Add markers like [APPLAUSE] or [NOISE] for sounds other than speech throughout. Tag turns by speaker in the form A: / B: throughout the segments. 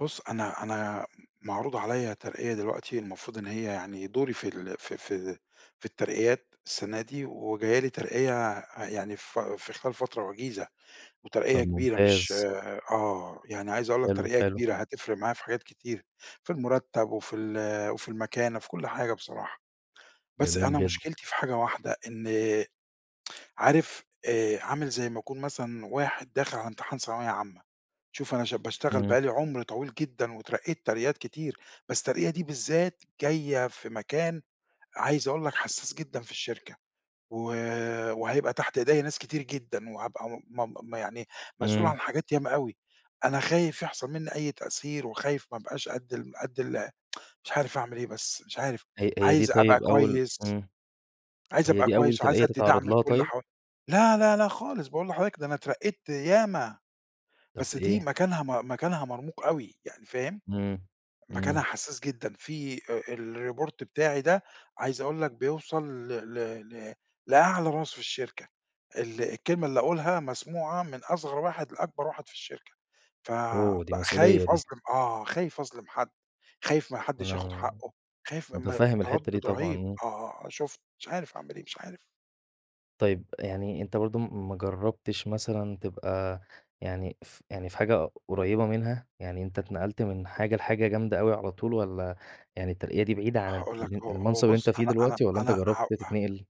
A: بُصّ أنا أنا معروض عليَّ ترقية دلوقتي المفروض إن هي يعني دوري في ال في في في الترقيات السنة دي، وجاية لي ترقية يعني في في خلال فترة وجيزة، وترقية
B: طب
A: كبيرة مش
B: ممتاز.
A: آه يعني عايز أقول لك
B: حلو،
A: ترقية
B: حلو.
A: كبيرة هتفرِق معايا في حاجات كتير، في المُرتّب وفي ال وفي المكانة في كلّ حاجة بصراحة، بس
B: جميل
A: أنا
B: جدًا.
A: مشكلتي في حاجة واحدة، إن عارف آآ عامل زي ما يكون مثلًا واحد داخل على امتحان ثانوية عامّة، شوف أنا ش باشتغل
B: إمم.
A: بقى لي عُمر طويل جدًا واترقيت ترقيات كتير، بس الترقية دي بالذات جاية في مكان عايز أقول لك حسّاس جدًا في الشركة، و وهيبقى تحت إيديّا ناس كتير جدًا وهابقى م مم يعني مسؤول
B: إمم.
A: عن حاجات ياما أوي، أنا خايف يحصل مني أي تأثير وخايف ما ابقاش قد الم قد ال [TSK] مش عارف أعمل إيه بس مش عارف،
B: ه هي دي
A: عايز أبقى
B: طيب أول
A: كويس
B: إمم،
A: عايز
B: هي
A: أبقى
B: دي أول
A: كويس وعايز
B: ترقية
A: أدّي
B: تتعرّض
A: دعم
B: لها
A: لكلّ
B: طيب؟
A: ح لا، لا، لا، خالص، باقول لحضرتك ده أنا اترقيت ياما،
B: طب
A: بس دي
B: إيه؟
A: مكانها م مكانها مرموق أوي، يعني فاهم؟
B: إمم،
A: مكانها
B: إمم.
A: حسّاس جدًا في أ الReport بتاعي ده، عايز أقول لك بيوصل ل ل ل لأعلى راس في الشركة، ال الكلمة اللي أقولها مسموعة من أصغر واحد لأكبر واحد في الشركة، ف
B: Oh،
A: ب
B: دي مسؤولية
A: خايف
B: دي.
A: أظلم آه، خايف أظلم حد، خايف ما حدّش ياخد
B: أنا
A: حقّه، خايف م ما
B: متَفَهّم الحتّة دي
A: تردُّد
B: طبعًا،
A: رهيب،
B: إمم.
A: آه شُفت، مش عارف أعمل إيه مش عارف.
B: طيب يعني أنت برضه م ما جرّبتش مثلًا تبقى يعني ف يعني في حاجة قريّبة منها؟ يعني أنت اتنقلت من حاجة لحاجة جامدة أوي على طول والّا، يعني الترقية دي بعيدة عن
A: هاقول لك، هو هو
B: ال-المنصب اللي
A: بُصّ
B: أنت فيه
A: أنا أنا
B: دلوقتي، والّا أنت
A: أنا ه
B: جرّبت
A: ه
B: تتنقل؟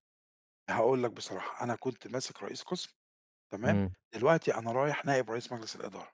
A: هاقول لك بصراحة، أنا كنت ماسك رئيس قسم، تمام،
B: إمم.
A: دلوقتي أنا رايح نائب رئيس مجلس الإدارة.